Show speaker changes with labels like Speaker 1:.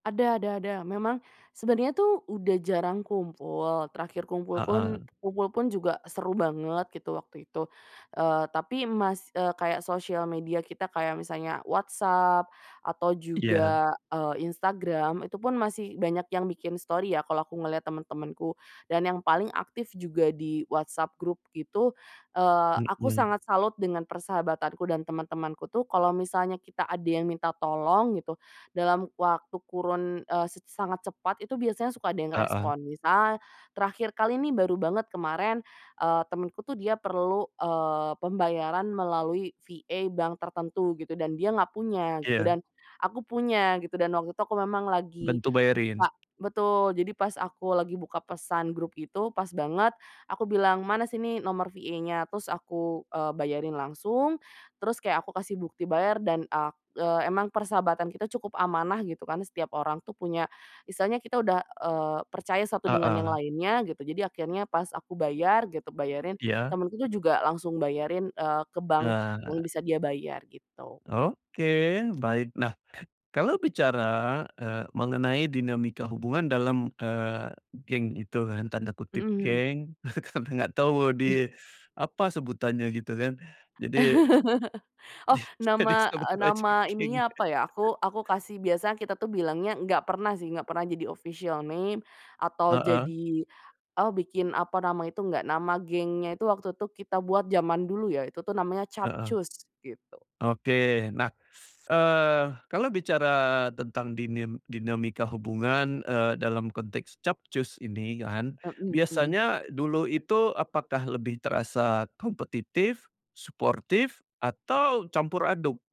Speaker 1: Ada ada ada. Memang sebenernya tuh udah jarang kumpul, terakhir kumpul kun
Speaker 2: Heeh.
Speaker 1: kumpul pun juga seru banget, gitu, waktu itu. Eee, tapi mas eee, kayak sosial media kita kayak misalnya WhatsApp, atau
Speaker 2: Iya.
Speaker 1: juga, eee, Instagram, itu pun masih banyak yang bikin story, ya, kalau aku ngelihat teman-temanku. Dan yang paling aktif juga di WhatsApp grup gitu, eee,
Speaker 2: E
Speaker 1: aku
Speaker 2: iya.
Speaker 1: sangat salut dengan persahabatanku, dan teman-temanku tuh kalau misalnya kita ada yang minta tolong gitu, dalam waktu kurun, eee, set sangat cepat itu biasanya suka ada yang
Speaker 2: Heeh.
Speaker 1: respon. Misal terakhir kali nih, baru banget kemarin, eee, temenku tuh dia perlu, eee, pembayaran melalui VA bank tertentu gitu, dan dia nggak punya, gitu,
Speaker 2: Iya.
Speaker 1: dan aku punya, gitu. Dan waktu itu aku memang lagi
Speaker 2: Bantu bayarin.
Speaker 1: buka betul. Jadi pas aku lagi buka pesan grup itu, pas banget, aku bilang, "Mana sini nomor VA-nya." Terus aku, eee, bayarin langsung, terus kayak aku kasih bukti bayar, dan ak eee, emang persahabatan kita cukup amanah gitu kan, setiap orang tuh punya misalnya kita udah, eee, percaya satu dengan yang
Speaker 2: Heeh.
Speaker 1: lainnya, gitu, jadi akhirnya pas aku bayar, gitu bayarin,
Speaker 2: Iya.
Speaker 1: temenku tuh juga langsung bayarin, eee, ke bank yang
Speaker 2: Nah.
Speaker 1: bisa dia bayar, gitu.
Speaker 2: Oke, baik. Nah, kalau bicara, eee, mengenai dinamika hubungan dalam, eee, geng itu kan, tanda
Speaker 1: Mhm
Speaker 2: kutip
Speaker 1: mhm.
Speaker 2: "geng" karena nggak tahu di, apa, sebutannya gitu, kan? Jadi
Speaker 1: Oh,
Speaker 2: jadi
Speaker 1: nama
Speaker 2: sebut
Speaker 1: eee,
Speaker 2: aja
Speaker 1: nama
Speaker 2: geng.
Speaker 1: ininya apa ya, aku aku kasih biasa kita tuh bilangnya enggak pernah sih, enggak pernah jadi official name, atau
Speaker 2: Heeh.
Speaker 1: jadi, eee, bikin, apa, nama itu enggak. Nama gengnya itu waktu itu kita buat, zaman dulu ya, itu tuh namanya
Speaker 2: Heeh.
Speaker 1: Capcus, gitu.
Speaker 2: Oke. Nah, eee, kalau bicara tentang dinim dinamika hubungan, eee, dalam konteks Capcus ini, kan,
Speaker 1: Mhm mhm.
Speaker 2: biasanya dulu itu apakah lebih terasa kompetitif, suportif, atau campur aduk?